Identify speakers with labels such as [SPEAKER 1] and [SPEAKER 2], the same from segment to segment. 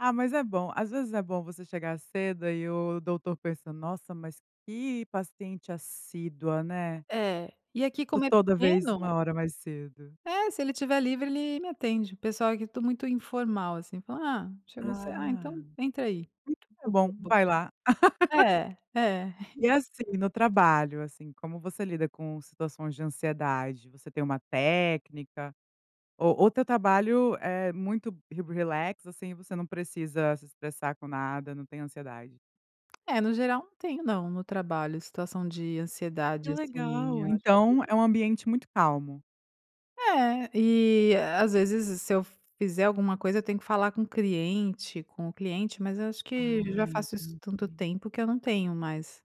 [SPEAKER 1] Ah, mas, é bom. Às vezes, é bom você chegar cedo, aí o doutor pensa: "Nossa, mas que paciente assídua, né".
[SPEAKER 2] É. E, aqui
[SPEAKER 1] T
[SPEAKER 2] como é
[SPEAKER 1] toda vez,
[SPEAKER 2] pequeno
[SPEAKER 1] 1 hora mais cedo.
[SPEAKER 2] É. Se ele estiver livre, ele me atende. O pessoal, aqui, é tu muito, informal, assim. Fala: "Ah chegou ce
[SPEAKER 1] Ah.
[SPEAKER 2] ah, então,
[SPEAKER 1] Assim
[SPEAKER 2] entra, aí".
[SPEAKER 1] que é bom.
[SPEAKER 2] [unintelligible]
[SPEAKER 1] Vai, lá.
[SPEAKER 2] É. É.
[SPEAKER 1] E, assim, no trabalho, assim, como você lida com situações de ansiedade? Você tem uma técnica? Ou ou teu trabalho é, muito re relax, assim, você não precisa se estressar com nada, não tem ansiedade?
[SPEAKER 2] É, no geral não tenho, não. No trabalho situação de
[SPEAKER 1] Que
[SPEAKER 2] ansiedade, assim.
[SPEAKER 1] legal.
[SPEAKER 2] Eu acho
[SPEAKER 1] Então,
[SPEAKER 2] que
[SPEAKER 1] é um ambiente muito calmo?
[SPEAKER 2] É. E, às vezes, s se eu fizer alguma coisa, eu tenho que falar com o cliente com o cliente. Mas, eu acho que,
[SPEAKER 1] Ah,
[SPEAKER 2] já, faço isso
[SPEAKER 1] entendi.
[SPEAKER 2] tanto tempo que, eu não tenho mais,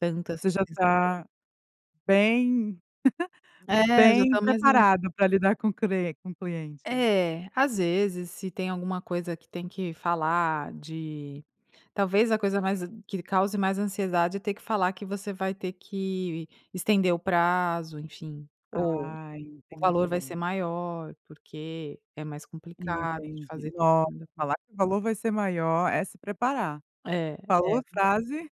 [SPEAKER 2] tantas
[SPEAKER 1] Você, já,
[SPEAKER 2] essas [unintelligible]
[SPEAKER 1] tá bem
[SPEAKER 2] É. Já,
[SPEAKER 1] bem
[SPEAKER 2] tá mais na
[SPEAKER 1] preparado para lidar com cre com cliente.
[SPEAKER 2] É. Às vezes. Se tem alguma coisa que tem que falar de talvez, a coisa mais que cause mais ansiedade é ter que falar que você vai ter que estender o prazo, enfim. Ou,
[SPEAKER 1] Ah,
[SPEAKER 2] o valor vai ser
[SPEAKER 1] entendi.
[SPEAKER 2] maior, porque é mais complicado de
[SPEAKER 1] Entendi.
[SPEAKER 2] fazer.
[SPEAKER 1] Nossa,
[SPEAKER 2] [unintelligible]
[SPEAKER 1] falar que o valor vai ser maior, é se preparar.
[SPEAKER 2] É é
[SPEAKER 1] Falou a frase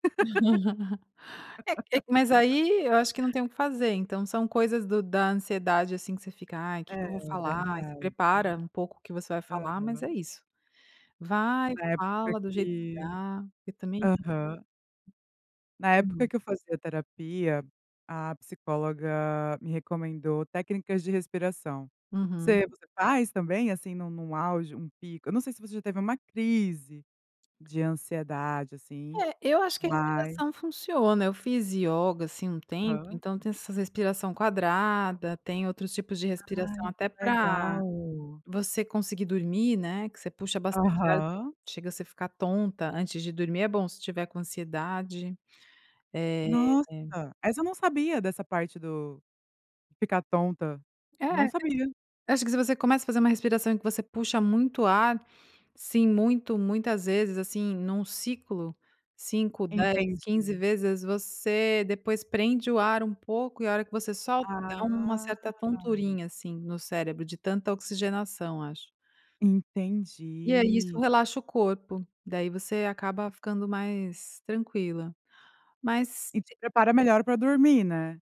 [SPEAKER 2] é é, mas aí, eu acho que não tem o que fazer. Então, são coisas do da ansiedade, assim, que você fica: "Ai, que
[SPEAKER 1] É.
[SPEAKER 2] que eu vou falar", ai, se
[SPEAKER 1] Verdade.
[SPEAKER 2] prepara, um pouco, o que você vai falar, mas, é
[SPEAKER 1] Aham.
[SPEAKER 2] isso. Vai
[SPEAKER 1] Na época
[SPEAKER 2] fala do jeito que
[SPEAKER 1] que,
[SPEAKER 2] dá, porque também
[SPEAKER 1] aham. Na
[SPEAKER 2] Entendi.
[SPEAKER 1] época que eu fazia terapia, a psicóloga me recomendou técnicas de respiração.
[SPEAKER 2] Uhum.
[SPEAKER 1] Você você faz, também, assim, nu num auge, um pico. Eu não sei se você já teve uma crise de ansiedade, assim,
[SPEAKER 2] É. Eu acho que a
[SPEAKER 1] mas
[SPEAKER 2] respiração funciona. Eu fiz yoga, assim, um tempo,
[SPEAKER 1] Aham.
[SPEAKER 2] então, tem essas respiração quadrada. Tem outros tipos de respiração,
[SPEAKER 1] Ai, que
[SPEAKER 2] até pra
[SPEAKER 1] legal.
[SPEAKER 2] você conseguir dormir, né, que você puxa bastante ar,
[SPEAKER 1] Aham.
[SPEAKER 2] chega você ficar tonta. Antes de dormir é bom, se tiver com ansiedade. Eh
[SPEAKER 1] Nossa. Essa, eu não sabia. Dessa parte do de ficar tonta.
[SPEAKER 2] É.
[SPEAKER 1] Não sabia.
[SPEAKER 2] Acho que se você começa a fazer uma respiração que você puxa muito ar, assim, muito muitas vezes, assim, num ciclo, 5, 10, 15
[SPEAKER 1] Entendi.
[SPEAKER 2] vezes, você depois, prende o ar um pouco e, a hora que você solta dá uma
[SPEAKER 1] Ah.
[SPEAKER 2] certa tonturinha, assim, no cérebro de tanta oxigenação, acho. E aí, isso
[SPEAKER 1] Entendi.
[SPEAKER 2] relaxa o corpo. Daí, você acaba ficando mais tranquila.
[SPEAKER 1] E te
[SPEAKER 2] Mas
[SPEAKER 1] prepara melhor pra dormir, né?